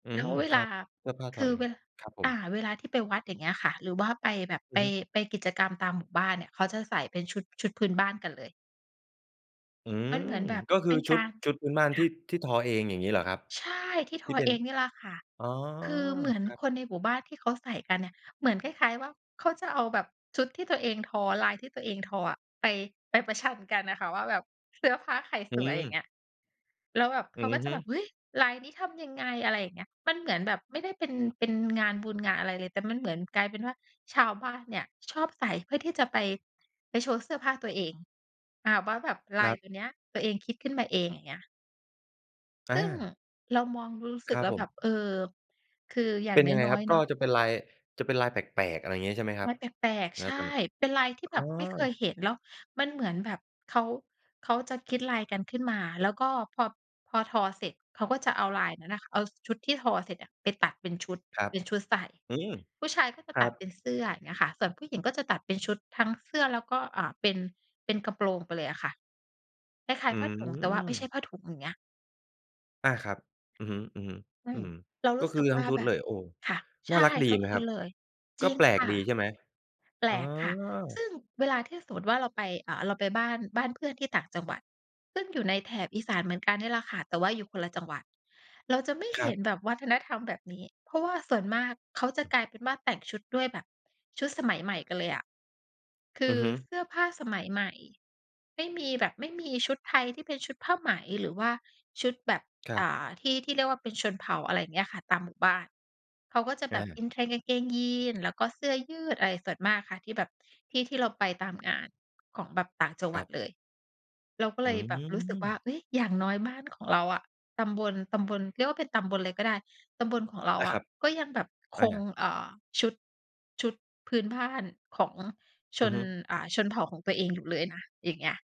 อืแล้ม วเวคลรัา บ เสื้อผ้าคทอือเอเง ว ครับผอม า เวลาที่ไปวัดอย่างเงี้ยค่ะ หรือว่าไปแบบ อไืป อฮึ ไปกิจกรรมตามหมู่บ้านเนี่ย เขาจะใส่เป็นชุด ชุดพื้นบ้านกันเลย อืมม ันเหมือนแบบก็คเปือ็นชกุาด ร ชุดพื้นบ้านคท่ีะ ่ ที่ทอเองอย่างงี้เหรอครับ? ใช่ ที่ททีอ่เป็เอน งนี่ล่ะค่ะ อ๋อ คือเหมือนครับ คนในหมู่บ้านที่เขาใส่กันเนี่ย เหมือนคล้าย ๆ ว่า เขาจะเอาแบบชุดที่ตัวเองทอ ลายที่ตัวเองทออะ ไป ไปประชันกันน่ะค่ะว่าแบบเสื้อผ้าใครอืสวย อย่างม เงี้ย แล้วแบบเอขืาอก็จฮะึ แบบ เฮ้ย ลายนี้ทำยังไง อะไรเงี้ย มันเหมือนแบบไม่ได้เป็น เป็นงานบุญงานอะไรเลย แต่มันเหมือนกลายเป็นว่า ชาวบ้านเนี่ยชอบใส่เพื่อที่จะไป ไปโชว์เสื้อผ้าตัวเอง อา ว่าแบบคลารยับ ตัวเนี้ย ตัวเองคิดขึ้นมาเอง อย่างเงี้ย อซา ึ่งเรามองรู้ รู้คสึรกับแล้วผแบม บ เออ คืออย่เาปง็นยังไงน้คอรัย บ? ๆ กเน็าะ จะเป็นลาย จะเป็นลายแปลก ๆ อะไรอย่างเงี้ย ใช่ไหมครัลบ ายแปลก ณ ๆ ใชตอน่ นั้น? เป็นลายทีอ่๋อ แบบไม่เคยเห็น แล้วมันเหมือนแบบเขา เขาจะคิดลายกันขึ้นมา แล้วก็พอ พอทอเสร็จ เขาก็จะเอาลายนั้นน่ะ เอาชุดที่ทอเสร็จอะไปตัดเป็นชุด ครับ เป็นชุดใส่ อืม ผู้ชายก็จะครตััดเปบ ็นเสื้อ อย่างเงี้ยค่ะ ส่วนผู้หญิงก็จะตัดเป็นชุดทั้งเสื้อแล้วก็ อ่า เป็น เป็นกระโปรงไปเลยอะค่ะ คล้าอย ืๆ ผ้าถุง แต่ว่าไม่ใช่ม ผ้าถุง อย่างเงี้ย อา ครับ อือฮึ ๆ อือฮึ อืม เรารกู็้คสือึกทัว้่งาชุดแบเลบ ย โอ้ ค่ะ ในช่า่ รักดีทุกไหมคครนับ? เลย กจร็ิงแปลคก่ะ ดีใช่ไหม? แปอล๋อ กค่ะ ซึ่งเวลาที่สมมุติว่าเราไป อ่า เราไปบ้าน บ้านเพื่อนที่ต่างจังหวัด ซึ่งอยู่ในแถบอีสานเหมือนกันเนี่ยล่ะค่ะ แต่ว่าอยู่คนละจังหวัด เราจะไม่คเรหั็บ นแบบวัฒนธรรมแบบนี้ เพราะว่าส่วนมากเขาจะกลายเป็นว่า แต่งชุดด้วยแบบชุดสมัยใหม่ไปเลยอะ คอืืออฮึ เสื้อผ้าสมัยใหม่ ไม่มีแบบ ไม่มีชุดไทยที่เป็นชุดผ้าไหม หรือว่าชุดแบบ ครัอบ ่า ที่ ที่เรียกว่าเป็นชนเผ่า อะไรอย่างเงี้ยค่ะ ตามหมู่บ้าน เขาก็จะแอบบ า in trend กางเกงยีน แล้วก็เสื้อยืดอะไรส่วนมากค่ะ ที่แบบ ที่ที่เราไปตามงานของแบบต่างจังหควรััดบ เลย เราก็อืเลยแบบรู้สึกว่า ม เฮ้ย อย่างน้อยบ้านของเราอะ ตำบล ตำบล เรียกว่าเป็นตำบลเลยก็ได้ ตำบลของเรไาด้อคระ ับ ก็ยังแบบอคง า เอ่อ ชุด ชุดพื้นบ้านของชอือน ฮึ อ่า ชนเผ่าของตัวเองอยู่เลยนะ อย่างเงี้ย